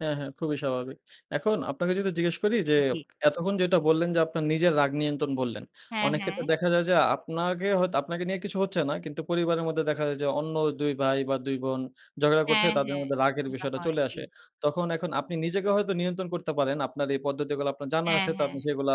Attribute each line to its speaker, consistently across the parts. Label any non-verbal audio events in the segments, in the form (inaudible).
Speaker 1: হ্যাঁ, হ্যাঁ। খুবই স্বাভাবিক। এখন আপনাকে যদি জিজ্ঞেস করি যে,
Speaker 2: জ্বী।
Speaker 1: এতক্ষণ যেটা বললেন যে আপনার নিজের রাগ নিয়ন্ত্রণ বললেন।
Speaker 2: হ্যাঁ,
Speaker 1: অনেক
Speaker 2: হ্যাঁ।
Speaker 1: ক্ষেত্রে দেখা যায় যে, আপনাকে হয়তো আপনাকে নিয়ে কিছু হচ্ছে না। কিন্তু পরিবারের মধ্যে দেখা যায় যে, অন্য ২ ভাই বা ২ বোন ঝগড়া করছে,
Speaker 2: হ্যাঁ,
Speaker 1: তাদের
Speaker 2: হ্যাঁ।
Speaker 1: মধ্যে রাগের
Speaker 2: এরকমটা
Speaker 1: বিষয়টা
Speaker 2: হয়।
Speaker 1: চলে
Speaker 2: জ্বী।
Speaker 1: আসে। তখন এখন আপনি নিজেকে হয়তো নিয়ন্ত্রণ করতে পারেন। আপনার এই পদ্ধতিগুলা আপনার জানা
Speaker 2: হ্যাঁ,
Speaker 1: আছে, তো
Speaker 2: হ্যাঁ,
Speaker 1: আপনি
Speaker 2: হ্যাঁ।
Speaker 1: সেগুলা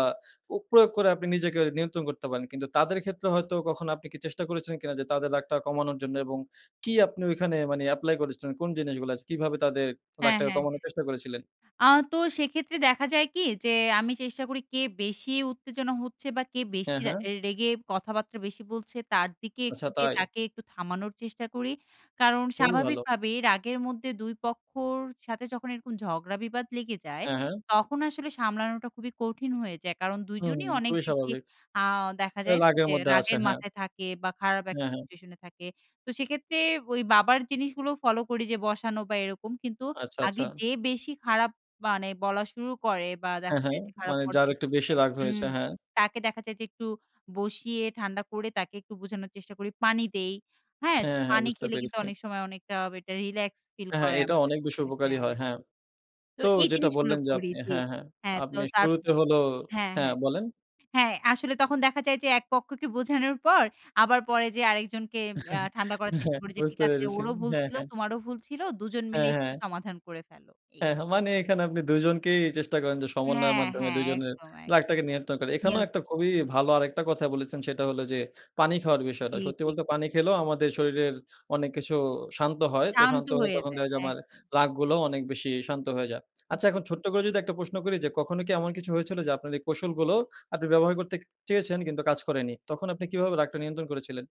Speaker 1: অ প্রয়োগ করে আপনি নিজেকে নিয়ন্ত্রণ করতে পারেন। কিন্তু তাদের ক্ষেত্রে হয়তো কখনো আপনি কি চেষ্টা করেছিলেন কিনা, যে তাদের রাগটা কমানোর জন্য? এবং কি আপনি ওইখানে মানে এপ্লাই করেছিলেন কোন জিনিসগুলা? কিভাবে তাদের
Speaker 2: হ্যাঁ,
Speaker 1: রাগটাকে
Speaker 2: হ্যাঁ,
Speaker 1: কমানোর
Speaker 2: হ্যাঁ।
Speaker 1: চেষ্টা করেছিলেন?
Speaker 2: আ তো সেক্ষেত্রে দেখা যায় কি? যে আমি চেষ্টা করি কে বেশি উত্তেজনা হচ্ছে। বা কে বেশি
Speaker 1: হ্যাঁ,
Speaker 2: রা
Speaker 1: হ্যাঁ।
Speaker 2: রেগে কথাবার্তা বেশি বলছে, তার দিকে একটু
Speaker 1: আচ্ছা,
Speaker 2: যেয়ে
Speaker 1: তাই?
Speaker 2: তাকে একটু থামানোর চেষ্টা করি। কারণ
Speaker 1: খুবই ভালো।
Speaker 2: স্বাভাবিকভাবে রাগের মধ্যে ২ পক্ষর সাথে যখন এরকম ঝগড়া বিবাদ লেগে যায়।
Speaker 1: হ্যাঁ, হ্যাঁ।
Speaker 2: তখন আসলে সামলানোটা খুবই কঠিন হয়ে যায়। কারণ
Speaker 1: হুম,
Speaker 2: দুজনই অনেক
Speaker 1: খুবই
Speaker 2: বেশি
Speaker 1: স্বাভাবিক।
Speaker 2: আ দেখা
Speaker 1: এ
Speaker 2: যায় না,
Speaker 1: রাগের
Speaker 2: যে
Speaker 1: মধ্যে আছে,
Speaker 2: রাগের
Speaker 1: হ্যাঁ।
Speaker 2: মাথায় থাকে বা খারাপ একটা
Speaker 1: হ্যাঁ, হ্যাঁ।
Speaker 2: সিচুয়েশন এ থাকে। তো সেক্ষেত্রে ওই বাবার জিনিসগুলো ফলো করি যে, বসানো বা এরকম। কিন্তু
Speaker 1: আচ্ছা,
Speaker 2: আগে
Speaker 1: আচ্ছা।
Speaker 2: যে বেশি খারাপ মানে বলা শুরু করে, বা
Speaker 1: হ্যাঁ,
Speaker 2: দেখা
Speaker 1: হ্যাঁ।
Speaker 2: যায় যে খারাপ
Speaker 1: মানে যার
Speaker 2: পর্যায়
Speaker 1: একটু
Speaker 2: চলে
Speaker 1: বেশি
Speaker 2: যায়
Speaker 1: রাগ
Speaker 2: হুম,
Speaker 1: হয়েছে। হ্যাঁ।
Speaker 2: তাকে দেখা যায় যে একটু বসিয়ে ঠান্ডা করে, তাকে একটু বোঝানোর চেষ্টা করি। পানি দেই, হ্যাঁ?
Speaker 1: হ্যাঁ, হ্যাঁ।
Speaker 2: পানি
Speaker 1: বুঝতে
Speaker 2: খেলে কিন্তু
Speaker 1: পেরেছি।
Speaker 2: অনেক সময় অনেকটা একটা রিল্যাক্স ফিল
Speaker 1: হ্যাঁ, হ্যাঁ।
Speaker 2: করে
Speaker 1: এটা
Speaker 2: আমাদের
Speaker 1: অনেক বেশি
Speaker 2: মধ্যে
Speaker 1: উপকারী
Speaker 2: হ্যাঁ।
Speaker 1: হয়। হ্যাঁ।
Speaker 2: তো
Speaker 1: তো
Speaker 2: এই
Speaker 1: যেটা
Speaker 2: জিনিসগুলো
Speaker 1: বললেন যে
Speaker 2: করি
Speaker 1: আপনি
Speaker 2: জি
Speaker 1: হ্যাঁ, হ্যাঁ।
Speaker 2: হ্যাঁ, তো
Speaker 1: আপনি
Speaker 2: তার
Speaker 1: শুরুতে হলো
Speaker 2: হ্যাঁ,
Speaker 1: হ্যাঁ,
Speaker 2: হ্যাঁ।
Speaker 1: বলেন?
Speaker 2: হ্যাঁ, আসলে তখন দেখা যায় যে ১ পক্ষকে বোঝানোর পর, আবার পরে যেয়ে আরেকজনকে আ
Speaker 1: (chuckles)
Speaker 2: ঠান্ডা করার চেষ্টা
Speaker 1: হ্যাঁ,
Speaker 2: করি যে, "ঠিক
Speaker 1: বুঝতে
Speaker 2: আছে,
Speaker 1: পেরেছি।
Speaker 2: ওরও ভুল
Speaker 1: হ্যাঁ,
Speaker 2: ছিল,
Speaker 1: হ্যাঁ।
Speaker 2: তোমারও ভুল ছিল। দুজন মিলে
Speaker 1: হ্যাঁ,
Speaker 2: একটু
Speaker 1: হ্যাঁ।
Speaker 2: সমাধান করে ফেলো।" এই।
Speaker 1: হ্যাঁ। মানে এখানে আপনি দুইজনকেই চেষ্টা করেন যে, সমন্বয়ের
Speaker 2: হ্যাঁ,
Speaker 1: মাধ্যমে
Speaker 2: হ্যাঁ।
Speaker 1: দুজনের
Speaker 2: একদম, একদম।
Speaker 1: রাগটাকে নিয়ন্ত্রণ করার। এখানেও একটা
Speaker 2: নিয়ন্ত্রণ।
Speaker 1: খুবই ভালো আরেকটা কথা বলেছেন, সেটা হলো যে পানি খাওয়ার বিষয়টা।
Speaker 2: জ্বী,
Speaker 1: সত্যি
Speaker 2: জ্বী।
Speaker 1: বলতে পানি খেলেও আমাদের শরীরের অনেক কিছু শান্ত হয়। তো
Speaker 2: শান্ত
Speaker 1: শান্ত হলে
Speaker 2: হয়ে
Speaker 1: তখন
Speaker 2: যায়।
Speaker 1: দেখা যায়, আমার
Speaker 2: একদম।
Speaker 1: রাগ গুলো অনেক বেশি শান্ত হয়ে যায়। আচ্ছা,
Speaker 2: জ্বী।
Speaker 1: এখন ছোট্ট করে যদি একটা প্রশ্ন করি যে, কখনো কি এমন কিছু হয়েছিল, যে আপনার এই কৌশলগুলো আপনি ব্যবহার করতে ক চেয়েছেন কিন্তু কাজ করেনি? তখন আপনি কিভাবে রাগটা নিয়ন্ত্রণ করেছিলেন?